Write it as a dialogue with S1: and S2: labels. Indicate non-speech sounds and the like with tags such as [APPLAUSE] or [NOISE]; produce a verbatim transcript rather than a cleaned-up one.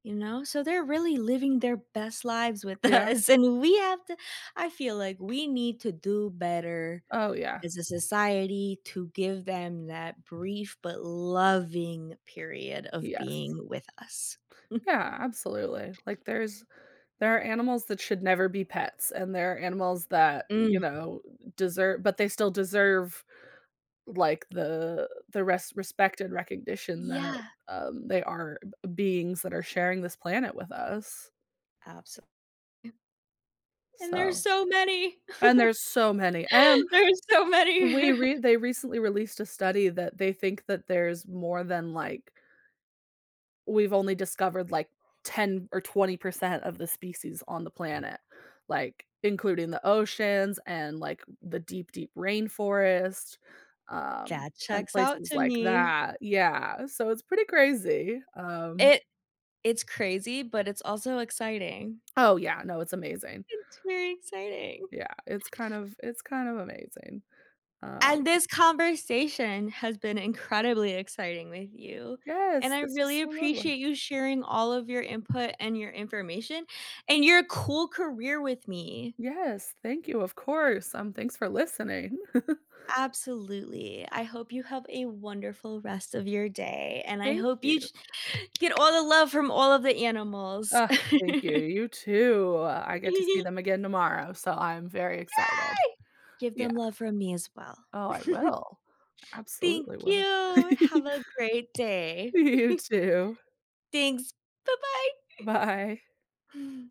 S1: You know, so they're really living their best lives with
S2: Yeah.
S1: us, and we have to I feel like we need to do better
S2: Oh, yeah.
S1: as a society to give them that brief but loving period of
S2: Yes.
S1: being with us. [CHUCKLES]
S2: Yeah, absolutely, like there's there are animals that should never be pets, and there are animals that, you
S1: Mm.
S2: know, deser but they still deserve like the the res respect and recognition that,
S1: Yeah.
S2: um, they are b beings that are sharing this planet with us.
S1: Abso M And there's
S2: So,
S1: so many.
S2: and
S1: [CHUCKLES]
S2: there's so many, and
S1: There's so many.
S2: we re
S1: [CHUCKLES]
S2: they recently released a study that they think that there's more than like we've only discovered, like, ten or twenty percent of the species on the planet, like, including the oceans and, like, the deep, deep rainforest, um,
S1: That
S2: and
S1: checks out
S2: places
S1: to
S2: like
S1: me.
S2: that, yeah, so it's pretty crazy, um
S1: It it's crazy, but it's also exciting.
S2: Oh yeah, no, it's amazing.
S1: It's very exciting.
S2: Yeah, it's kind of it's kind of amazing,
S1: And
S2: um
S1: this conversation has been incredibly exciting with you, and
S2: Yes,
S1: I
S2: this was
S1: really
S2: so lovely.
S1: appreciate you sharing all of your input and your information and your cool career with me.
S2: Yes, thank you, of course, um, thanks for listening. [CHUCKLES]
S1: Absolutely, I hope you have a wonderful rest of your day, and I
S2: Thank
S1: hope you
S2: you.
S1: sh get all the love from all of the animals.
S2: Ugh, thank you,
S1: [LAUGHS]
S2: you too, I
S1: [GIGGLES]
S2: get to see
S1: E
S2: them again tomorrow, so I'm very excited.
S1: Yay! Give
S2: Yeah.
S1: them love from me as well.
S2: Oh, I
S1: [CHUCKLES]
S2: will. I
S1: Thank
S2: absolutely will.
S1: you. Have
S2: [LAUGHS]
S1: a great day.
S2: You
S1: [CHUCKLES]
S2: too.
S1: Thanks, bye-bye. [CHUCKLES]
S2: Bye.